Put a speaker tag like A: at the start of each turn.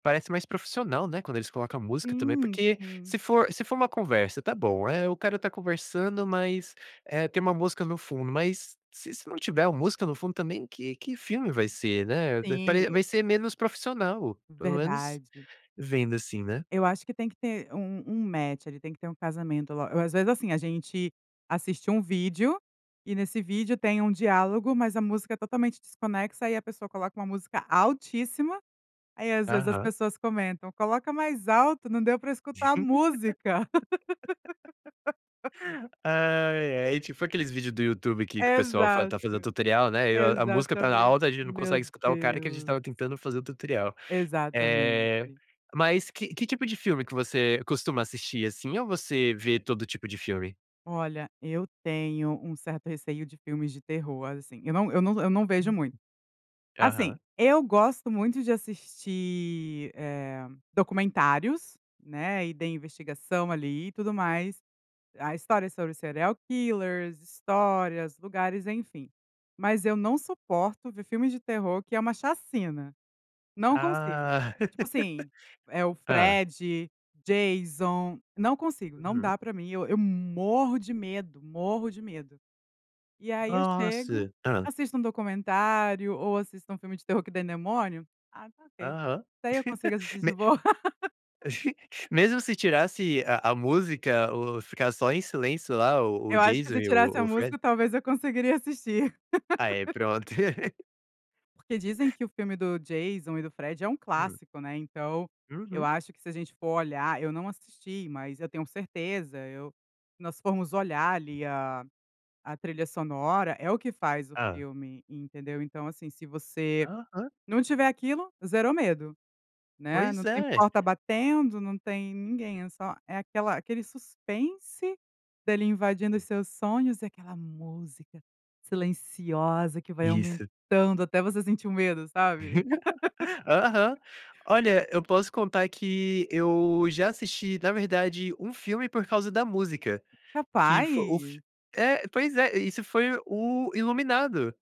A: Parece mais profissional, né, quando eles coloca a música também,
B: Sim,
A: porque
B: sim.
A: se for se for uma conversa, está bom, eh, o cara está conversando, mas, eh, tem uma música no fundo, mas se isso não tiver o música no fundo também, que que filme vai ser, né, d
B: Sim,
A: pare
B: e
A: vai ser menos profissional. Pelo menos
B: Verdade.
A: vendo, assim, né.
B: Eu acho que tem que ter um um match, tem que ter um casamento lo ou às vezes, assim, a gente assiste um vídeo, e nesse vídeo tem um diálogo, mas a música totalmente desconexa e a pessoa coloca uma música altíssima, aí às vezes as
A: Aham.
B: pessoas comentam: "coloca mais alto, não deu para escutar a música".
A: Ai, ai. Tipo aqueles vídeo do YouTube que que o pessoal fa
B: Exato.
A: está fazendo tutorial, né, e a a música está
B: Exatamente.
A: alta, gente não
B: Meu
A: consegue o cara, que a gente
B: Deus.
A: estava tentando fazer o tutorial. Eh,
B: Exatamente.
A: mas que que tipo de filme que você costuma assistir, assim, ou você vê todo tipo de filme?
B: Olha, eu tenho um certo receio de filmes de terror, assim, eu não eu não eu não vejo
A: Uhum.
B: muito. Assim,
A: Aham.
B: eu gosto muito de assistir, eh, documentários, né, e de investigação, ali, e tudo mais. A história sobre serial killers, histórias, lugares, enfim. Mas eu não suporto ver filme de terror que é uma chacina. Não consigo.
A: Ah.
B: Tipo assim, eh, o
A: Hã.
B: Fred, Jason, não consigo, não
A: Uhum.
B: dá para mim, eu eu morro de medo, morro de medo. E aí eu chego,
A: Nossa. Hã.
B: assisto um documentário, ou assisto um filme de terror que tem demônio. Ah, está ok,
A: Aham.
B: daí eu consigo assistir
A: Me
B: de boa.
A: mesmo se tirasse a a música, o ficar só em silêncio lá, o o
B: Eu acho que
A: Jason
B: se
A: e
B: tirasse
A: o
B: a
A: o Fred.
B: música, talvez eu conseguiria assistir.
A: Ah é, pronto.
B: Porque dizem que o filme do Jason e do Fred é um
A: Hum.
B: clássico, né, então, eu
A: Uhum.
B: acho que se a gente for olhar, eu não assisti, mas eu tenho certeza, eu nós formos olhar, ali, a a trilha sonora é o que faz o
A: Hã.
B: filme, entendeu. Então assim, se você
A: Aham.
B: não tiver aquilo, zerou medo, né,
A: Pois
B: não tem
A: é.
B: porta batendo, não tem ninguém, é só é aquela aquele suspense, dele invadindo os seus sonhos, e aquela música silenciosa que vai
A: Isso.
B: aumentando até você sentir um medo, sabe.
A: Aham. Olha, eu posso contar que eu já assisti, na verdade, um filme por causa da música, que fo o fi
B: Rapaz.
A: é, pois é, isso foi o iluminado.